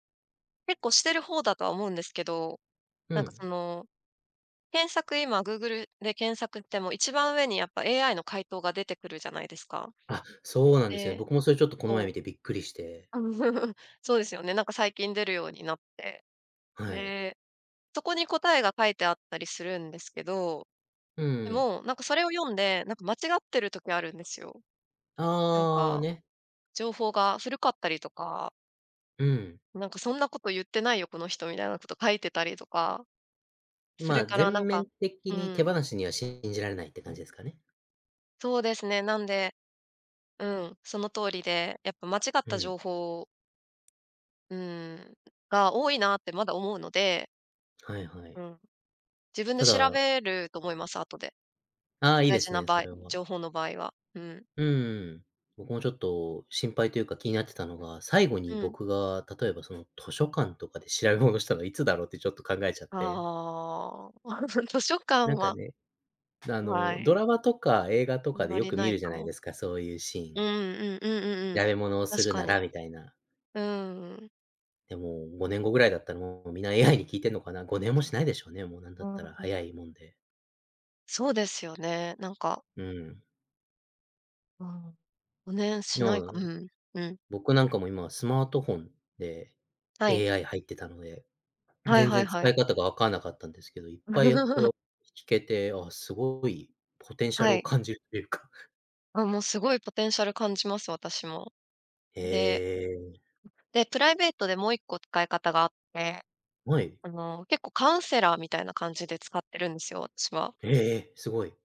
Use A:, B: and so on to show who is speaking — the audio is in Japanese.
A: 結構してる方だとは思うんですけど、
B: う
A: なんかそ
B: ん。
A: の。検索、今グーグルで検索ても、一番上にやっぱ AI の回答が出てくるじゃないですか。
B: あ、そうなんですよね。
A: で、
B: 僕もそれちょっと、この前
A: そう。
B: 見てびっくりして。
A: そうですよね。なんか最近出るようになって。
B: はい。
A: で、そこに答えが書いてあったりするんですけど。
B: う
A: で
B: ーん。
A: も、なんかそれを読んで、なんか間違ってる時あるんですよ。なん
B: ああ、
A: か、
B: ね。
A: 情報が古かったりとか
B: うん。
A: 「なんか、そんな事言ってないよ、この人」みたいな事書いてたりとか。
B: ん、
A: そ
B: ま
A: れ
B: あ、
A: からな
B: 全
A: んか
B: 面的
A: う
B: に手
A: ん。
B: 放しには信じられないって感じですかね。
A: そうですね、なんで、うん、その通りで、やっぱ間違っ
B: う
A: た
B: ん。
A: 情報をうーん、が、多いなって、まだ思うので。
B: はいは
A: う
B: い。
A: ん。自分で
B: た
A: 調
B: だ
A: べると思います、後で、
B: ああ、いい
A: 大
B: で
A: 事
B: す
A: な
B: ね、
A: 場
B: そ
A: 合
B: れは。
A: 情報の場合は、うん。
B: うーん、僕もちょっと心配と言うか、気になってたのが、最後
A: う
B: に
A: ん。
B: 僕が、例えば、その図書館とかで調べ物したのはいつだろうって、ちょっと考えちゃって
A: ああ、図書館
B: なんか
A: は
B: ね。な、あ
A: うわ
B: の、ド
A: い。
B: ラマとか、映画と
A: あん
B: かで、
A: ま
B: よ
A: り
B: く
A: な
B: 見
A: い
B: るじゃ
A: か
B: ない
A: も。
B: ですか、そう言うシー
A: うー
B: ン。
A: ん、うんうんうんうん。
B: やれ物をす
A: 確
B: る
A: か
B: なら
A: に。
B: みたいな。
A: うーん。
B: でも5年後位だったら、もう皆 AI に聞いてんのかな。5年もしないでしょうね、もう、なん
A: う
B: だったら、
A: ーん。
B: 早いもんで。
A: そうですよね、なんか
B: うん。
A: うん、ん、ね、しな
B: の
A: いかう
B: う
A: ん、うん。
B: 僕なんかも今はスマートフォンで
A: はい。
B: AI 入ってたので、ん、
A: はい
B: 全
A: はい
B: 然使
A: は
B: い
A: い。
B: 方が分かんなかったんですけど、いっぱい、やこ よ聞けて、あ、凄いポテンシャ
A: は
B: ルを
A: い。
B: 感じるって言うか。
A: あ、もう凄いポテンシャル感じます、私も。
B: へ
A: で
B: え。
A: うで、プライベートでもう一個使い方があって。
B: うあい。
A: あの、結構カウンセラーみたいな感じで使ってるんですよ、私は。
B: へえ、え、凄い。